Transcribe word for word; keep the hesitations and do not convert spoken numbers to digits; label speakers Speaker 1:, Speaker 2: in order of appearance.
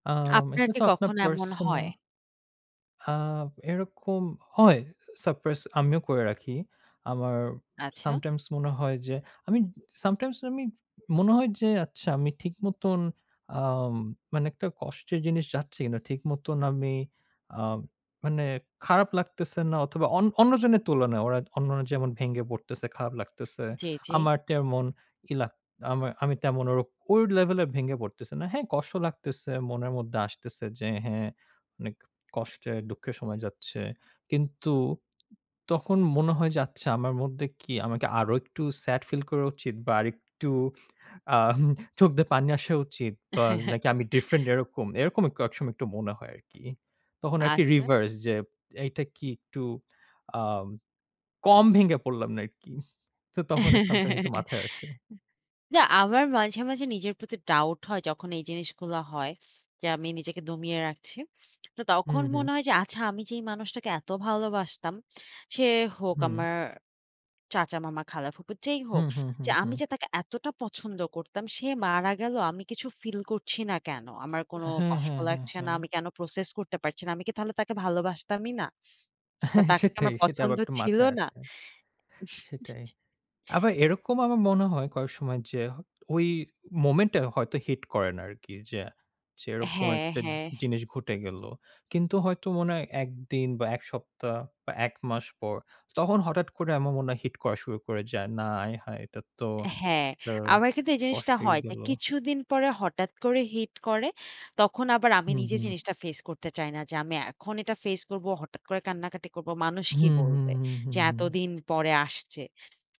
Speaker 1: আম
Speaker 2: আপনার
Speaker 1: এটা
Speaker 2: কি
Speaker 1: তো আপনার
Speaker 2: কখনও এমন হয়?
Speaker 1: পার্সোনাল আ এরকম হয়। আ Surprise আমিও করে রাখি। আমার
Speaker 2: আচ্ছা।
Speaker 1: sometimes মনে হয় যে আমি sometimes আমি মনে হয় যে, আচ্ছা, আমি ঠিক মতন আম মানে একটা কষ্টের জিনিস যাচ্ছে কিনা? ঠিক মতন আমি আ মানে খারাপ লাগতেছেনা অথবা, অন অন্যজনের তুলনায়। ওরা অন্যরা যেমন ভেঙে পড়তেছে, খারাপ লাগতেছে।
Speaker 2: জি, জি।
Speaker 1: আমার তেমন ইলাক আমার আমি তেমন ওর ওই লেভেলের ভেঙে পড়তেছি না। হ্যাঁ, কষ্ট লাগতেছে। মনের মধ্যে আসতেছে যে, "হ্যাঁ, অনেক কষ্টে, দুঃখের সময় যাচ্ছে।" কিন্তু তখন মনে হয় যে "আচ্ছা, আমার মধ্যে কি আমাকে আরো একটু sad feel করা উচিত বা আরেকটু আম হু চোখ দিয়ে পানি আসা উচিত বা
Speaker 2: হ্যাঁ, হ্যাঁ।
Speaker 1: নাকি আমি different এরকম।" এরকম ক একসময় একটু মনে হয় আরকি। তখন আরকি
Speaker 2: আচ্ছা।
Speaker 1: reverse যে এইটা কি একটু আ কম ভেঙে পড়লাম নাকি? তো তখন এ sometimes একটু মাথায় আসে।
Speaker 2: না, আমার মাঝে, মাঝে নিজের প্রতি doubt হয়। যখন এই জিনিসগুলো হয়। যে আমি নিজেকে দমিয়ে রাখছি। তো
Speaker 1: হুম,
Speaker 2: তখন
Speaker 1: হুম।
Speaker 2: মনে হয় যে, "আচ্ছা, আমি যেই মানুষটাকে এত ভালোবাসতাম। সে হোক
Speaker 1: হুম।
Speaker 2: আমার চাচা, মামা, খালা, ফুফু যেই হোক।
Speaker 1: হুম, হুম,
Speaker 2: যে
Speaker 1: হুম,
Speaker 2: আমি
Speaker 1: হুম।
Speaker 2: যে তাকে এতটা পছন্দ করতাম, সে মারা গেল। আমি কিছু ফিল করছি না কেন? আমার কোন
Speaker 1: হ্যাঁ,
Speaker 2: কষ্ট
Speaker 1: হ্যাঁ, হ্যাঁ,
Speaker 2: লাগছে না।
Speaker 1: হ্যাঁ।
Speaker 2: আমি কেন process করতে পারছি না? আমি কি তাহলে তাকে ভালোবাসতামই না? বা
Speaker 1: হ্যাঁ,
Speaker 2: তাকে কি
Speaker 1: সেটাই,
Speaker 2: আমার
Speaker 1: সেটাই।
Speaker 2: পছন্দ
Speaker 1: আবার একটু
Speaker 2: ছিল
Speaker 1: মাথায়
Speaker 2: না?"
Speaker 1: আসে। সেটাই। আবার এরকম আমার মনে হয় কয়েক সময় যে হ ওই moment এ হয়তো hit করে না আরকি। যে যেরকম
Speaker 2: হ্যাঁ,
Speaker 1: একটা জি
Speaker 2: হ্যাঁ।
Speaker 1: জিনিস ঘটে গেল। কিন্তু হয়তো মনে হয় এক দিন বা, এক সপ্তাহ বা, এক মাস পর তখন হঠাট করে আমার মনে হয় hit করা শুরু করে যায়। না, আয় হায়! এটা তো
Speaker 2: হ্যাঁ,
Speaker 1: আ
Speaker 2: আমার কিন্তু এই জিনিসটা
Speaker 1: কষ্টেই
Speaker 2: হয় যে
Speaker 1: গেল।
Speaker 2: কিছুদিন পরে হঠাৎ করে hit করে। তখন আবার আমি
Speaker 1: হুম,
Speaker 2: নিজে
Speaker 1: হুম।
Speaker 2: জিনিসটা ফেস করতে চাই না। যে আমি এখন এটা ফেস করবো, হঠাৎ করে কান্নাকাটি করবো। মানুষ কি
Speaker 1: হুম, হুম,
Speaker 2: বলবে?
Speaker 1: হুম,
Speaker 2: যে
Speaker 1: হুম, হুম।
Speaker 2: এতদিন পরে আসছে।